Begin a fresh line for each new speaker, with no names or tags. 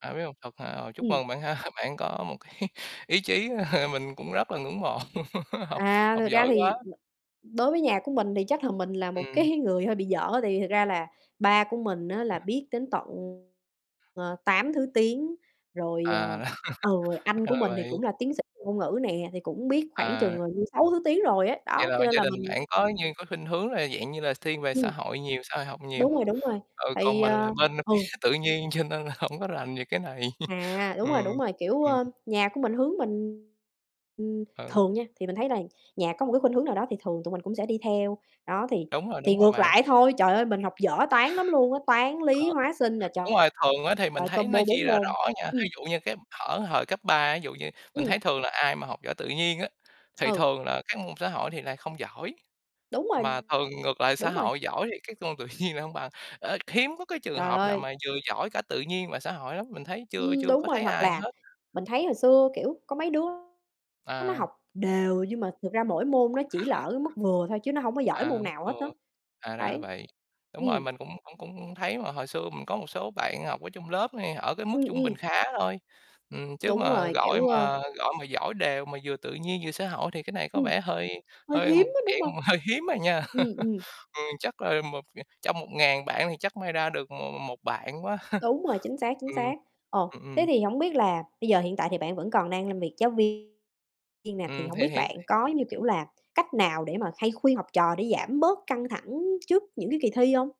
À, biết hông, thật hả? À, chúc
Ừm.
mừng bạn ha. Bạn có một cái ý chí mình cũng rất là ngưỡng mộ, học
À,
học
thực ra
giỏi quá.
thì đối với nhà của mình thì chắc là mình là một
Ừm.
cái người hơi bị dở. Tại vì thật ra là ba của mình á, là
[unintelligible]
biết đến tận, ờ, 8 thứ tiếng. Rồi,
À.
ờ, ừ, anh
Ra
của
là
mình thì
vậy.
cũng là tiến sĩ về ngôn ngữ nè, thì cũng biết khoảng
À.
chừng, ờ, như 6 thứ tiếng rồi ấy.
Vậy
Đó,
là
cho nên
gia
là
đình
mình
bạn có như có khuynh hướng là dạng như là x thiên về
Ừm.
xã hội nhiều, xã hội học nhiều.
Đúng rồi, đúng rồi,
Ừ,
tại
còn
vì,
mình
à
là bên
ừ.
[unintelligible] tự nhiên cho nên là hổng có rành về cái này.
À, đúng rồi,
Ừm,
đúng rồi. Kiểu,
ừm.
ơ, nhà của mình hướng mình ừm,
Ừ.
thường nha, thì mình thấy là nhà có một cái khuynh hướng nào đó thì thường tụi mình cũng sẽ đi theo. Đó, thì
Đúng rồi,
thì
đúng rồi
ngược
bạn.
lại thôi. Trời ơi! Mình học dở Toán lắm luôn á, Toán, Lý,
Ờ.
Hóa, Sinh nè
Đúng rồi, thường á thì mình
trời,
thấy nó
combo
chia
4
ra
môn.
rõ nha.
Ừm.
Thí dụ như cái thở thời cấp 3, ví dụ như mình
Ừm.
thấy thường là ai mà học giỏi tự nhiên á, thì
Ừ.
thường là các môn xã hội thì lại không giỏi.
Đúng rồi.
Mà thường ngược lại, xã
Đúng rồi.
hội giỏi thì các môn tự nhiên lại hông bằng. Ờ, hiếm có cái trường
Trời
hợp nào
ơi!
mà vừa giỏi cả tự nhiên và xã hội lắm, mình thấy chưa
Ừm,
chưa
đúng
có
rồi.
thấy
Hoặc
ai
là
hết.
mình thấy hồi xưa, kiểu, có mấy đứa á nó
À.
học đều nhưng mà thực ra mỗi môn nó chỉ là ở cái mức vừa thôi, chứ nó hông có giỏi
À,
môn nào hết á.
[unintelligible] à, ra là
Đấy.
vậy. Đúng rồi,
Ừm.
mình cũng cũng cũng thấy mà. Hồi xưa mình có một số bạn học ở chung lớp hay ở cái mức
Ừm,
trung bình
ừm.
khá thôi. Ừm, chứ
Đúng
mà
rồi,
gọi
kiểu, ơ
mà gọi mà giỏi đều mà vừa tự nhiên vừa xã hội thì cái này có
Ừm.
vẻ hơi
Hơi
hơi
hiếm
một
á, đúng
cái
hông?
dạng mà hơi hiếm à nha.
Ừm, ừm.
Ừm, chắc là một ờ, trong 1.000 bạn thì chắc may ra được m m một bạn quá.
Đúng rồi, chính xác, chính
Ừm,
xác. Ồ,
ừm,
thế
ừm
thì hổng biết là bây giờ hiện tại thì bạn vẫn còn đang làm việc giáo viên nè, thì
Ừm,
hổng
thì
biết
hiện
bạn có, giống như kiểu là, cách nào để mà hay khuyên học trò để giảm bớt căng thẳng trước những cái kỳ thi hông?